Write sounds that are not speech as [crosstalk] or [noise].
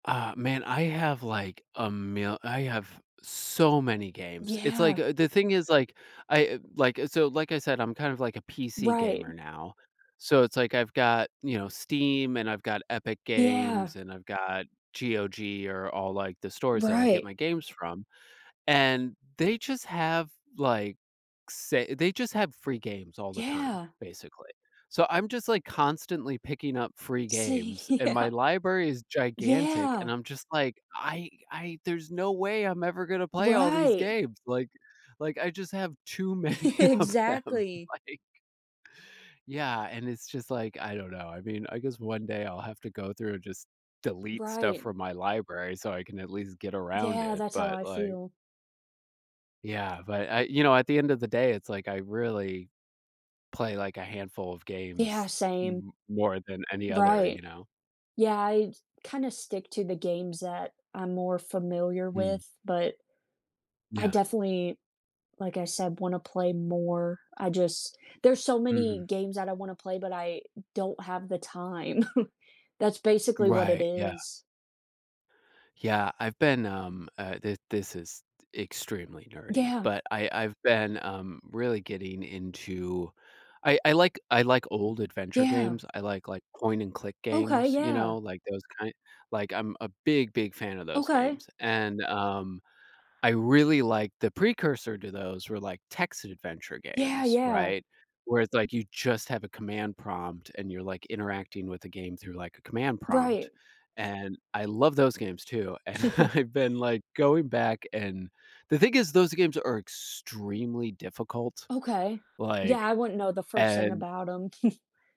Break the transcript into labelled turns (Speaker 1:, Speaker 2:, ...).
Speaker 1: Uh, man, I have, like, a mil I have so many games. It's, like,
Speaker 2: Yeah.
Speaker 1: a the thing is, like, I, like, so, like, I said, I'm kind of, like, a PC
Speaker 2: Right.
Speaker 1: gamer now, so it's, like, I've got, you know, Steam, and I've got Epic
Speaker 2: Yeah.
Speaker 1: Games, and I've got GOG or all, like, the stores that I get
Speaker 2: Right.
Speaker 1: my games from and they just have like, say they just have free games all the time,
Speaker 2: Yeah.
Speaker 1: basically. So I'm just, like, constantly picking up free
Speaker 2: See,
Speaker 1: games, and my
Speaker 2: yeah.
Speaker 1: library is gigantic, and
Speaker 2: Yeah.
Speaker 1: I'm just, like, I I, there's no way I'm ever gonna play all these
Speaker 2: Right.
Speaker 1: games, like like, I just have too many
Speaker 2: [chuckles]
Speaker 1: of them,
Speaker 2: Exactly.
Speaker 1: like yeah, and it's just, like, I don't know. I mean, I guess one day I'll have to go through and just delete stuff
Speaker 2: Right.
Speaker 1: from my library so I can at least get around
Speaker 2: Yeah,
Speaker 1: it,
Speaker 2: that's how
Speaker 1: but,
Speaker 2: I
Speaker 1: like
Speaker 2: feel.
Speaker 1: Yeah, but I you know, at the end of the day, it's, like, I really play, like, a handful of
Speaker 2: Yeah,
Speaker 1: games,
Speaker 2: same.
Speaker 1: m more than any other, you
Speaker 2: Right,
Speaker 1: know.
Speaker 2: yeah, I kinda stick to the games that I'm more familiar
Speaker 1: Mm.
Speaker 2: with, but I
Speaker 1: Yeah.
Speaker 2: definitely, like, I said, wanna play more, I just there's so many
Speaker 1: Mhm.
Speaker 2: games that I wanna play, but I don't have the time. [chuckles] That's basically what it
Speaker 1: Right, yeah.
Speaker 2: is.
Speaker 1: Yeah, I've been, um, uh, thi this is extremely nerdy,
Speaker 2: Yeah.
Speaker 1: but, I I've been, um, really getting into I I like I like old adventure
Speaker 2: Yeah.
Speaker 1: games, I like, like, point and click
Speaker 2: Okay,
Speaker 1: games, you
Speaker 2: yeah.
Speaker 1: know, like, those kind like I'm a big, big fan of those
Speaker 2: Okay.
Speaker 1: games, and, um, I really, like, the precursor to those were, like, text adventure
Speaker 2: Yeah,
Speaker 1: games,
Speaker 2: yeah.
Speaker 1: right, where it's, like, you just have a command prompt and you're, like, interacting with the game through, like, a command prompt.
Speaker 2: Right.
Speaker 1: And I love those games too, and
Speaker 2: [chuckles]
Speaker 1: I've been, like, going back and the thing is those games are extremely difficult,
Speaker 2: Okay. Yeah, I
Speaker 1: like,
Speaker 2: wouldn't know the first thing
Speaker 1: and
Speaker 2: about him. [chuckles]